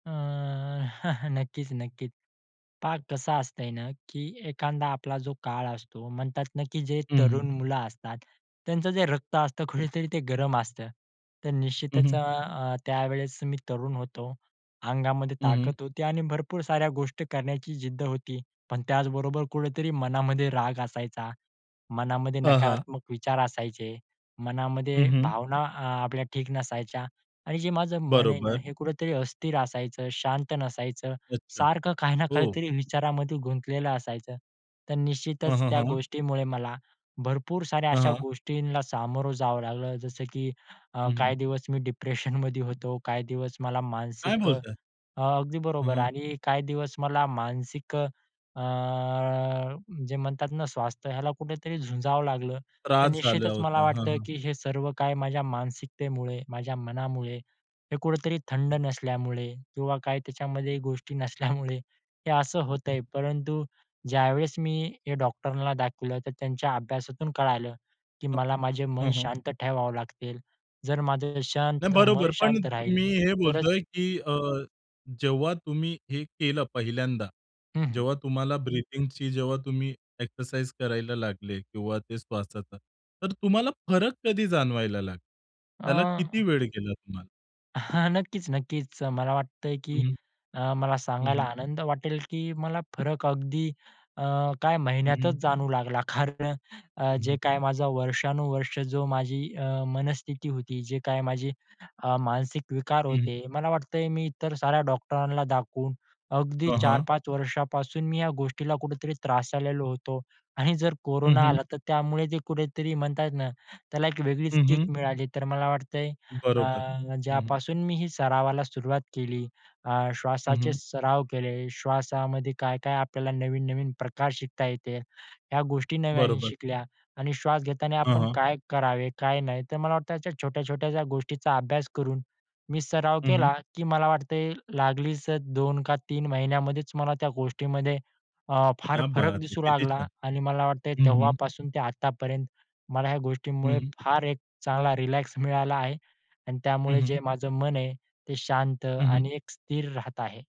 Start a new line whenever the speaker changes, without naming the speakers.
अ, नक्कीच-नक्कीच. पहा कसं असतं आहे ना, की एखादा आपला जो काळ असतो, म्हणतात ना, की जे
हं, हं.
तरुण मुलं असतात, त्यांचं जे रक्त असतं, कुठेतरी ते गरम असतं. तर
हं,
निश्चितच
हं.
अ, अ, त्यावेळेस मी तरुण होतो. अंगामध्ये
हं, हं.
ताकद होती आणि भरपूर साऱ्या गोष्टी करण्याची जिद्द होती. पण त्याचबरोबर कुठेतरी मनामध्ये राग असायचा. मनामध्ये
हां, हां.
नकारात्मक विचार असायचे,
हं,
मनामध्ये
हं.
भावना अ, आपल्या ठीक नसायच्या आणि जे माझं मन आहे ना,
बरोबर.
हे कुठेतरी अस्थिर असायचं. शांत नसायचं,
अच्छा,
सारखं काही ना
हो.
काहीतरी विचारामध्ये गुंतलेलं असायचं. तर
हं,
निश्चितच
हं,
त्या
हं.
गोष्टीमुळे मला भरपूर साऱ्या
हां,
अशा
हां.
गोष्टींना सामोरं जावं लागलं. जसं, की अ,
हं, हं.
काही दिवस मी डिप्रेशनमध्ये होतो. काही दिवस मला
काय
मानसिक अ
बोलताय?
अ, ...अगदी
हं,
बरोबर
हं.
आणि काही दिवस मला मानसिक अ, अ, जे म्हणतात ना, स्वास्थ्य ह्याला कुठेतरी झुंजावं लागलं. तर
त्रास झाला
निश्चितच मला
होता. हं,
वाटतं,
हं.
की हे सर्व काही माझ्या मानसिकतेमुळे, माझ्या मनामुळे, हे कुठेतरी थंड
हं.
नसल्यामुळे, किंवा काही त्याच्यामध्ये गोष्टी नसल्यामुळे हे असं होतं
हं.
आहे. परंतु ज्यावेळेस मी हे डॉक्टरांना दाखवलं, तर त्यांच्या अभ्यासातून कळालं, की
हं.
मला माझे मन
हं, हं.
शांत ठेवावं लागतील, जर माझं
नाही
शांत मन
बरोबर. पण
शांत राहील
मी हे
तरच
बोलतोय, की अ, जेव्हा तुम्ही हे केलं पहिल्यांदा,
हं, हं.
जेव्हा तुम्हाला ब्रीथिंगची, जेव्हा तुम्ही एक्सरसाइज करायला लागले, किंवा ते श्वासाचा. तर तुम्हाला फरक कधी जाणवायला लागला? त्याला किती
अं
वेळ गेला तुम्हाला?
हां, नक्कीच-नक्कीच. मला वाटतं आहे, की
हं.
अ, मला
हं,
सांगायला
हं.
आनंद वाटेल, की मला फरक अगदी अ, काही
हं,
महिन्यातचं
हं.
जाणवू लागला कारण अ, अ,
हं,
जे
हं.
काही माझा वर्षानुवर्ष जो माझी अ, मनस्थिती होती. जे काही माझी अ, मानसिक विकार
हं, हं.
होते, मला वाटतं आहे, मी इतर साऱ्या डॉक्टरांना दाखवून, अगदी
हां,
चार
हां.
पाच वर्षांपासून मी या गोष्टीला कुठेतरी त्रासलेलो होतो. आणि जर
हं,
कोरोना
हं.
आला, तर त्यामुळे ते कुठेतरी म्हणतात ना, त्याला एक वेगळीच
हं,
किक
हं.
मिळाली. तर मला वाटतं आहे,
बरोबर.
अ,
हं, हं.
ज्यापासून मी ही सरावाला सुरुवात केली, अ,
हं,
श्वासाचे
हं.
सराव केले, श्वासामध्ये काय-काय आपल्याला नवीन-नवीन प्रकार शिकता येते. ह्या गोष्टी नव्याने
बरोबर.
शिकल्या आणि श्वास घेताना
हां,
आपण
हां.
काय करावे, काय नाही. तर मला वाटतं अशा छोट्या-छोट्या ज्या गोष्टींचा अभ्यास करून मी सराव
हं, हं.
केला, की मला वाटतंय लागलीच अ, 2 का 3 महिन्यांमध्येच मला त्या गोष्टींमध्ये अ, फार
क्या
फरक
बात है!
दिसू
किती
लागला.
छान.
आणि मला वाटतं आहे,
हं, हं.
तेव्हापासून ते आतापर्यंत मला ह्या गोष्टींमुळे
हं.
फार एक चांगला रिलॅक्स मिळाला आहे. आणि
हं,
त्यामुळे जे
हं.
माझं मन आहे, ते शांत
हं,
आणि
हं.
एक स्थिर राहत आहे.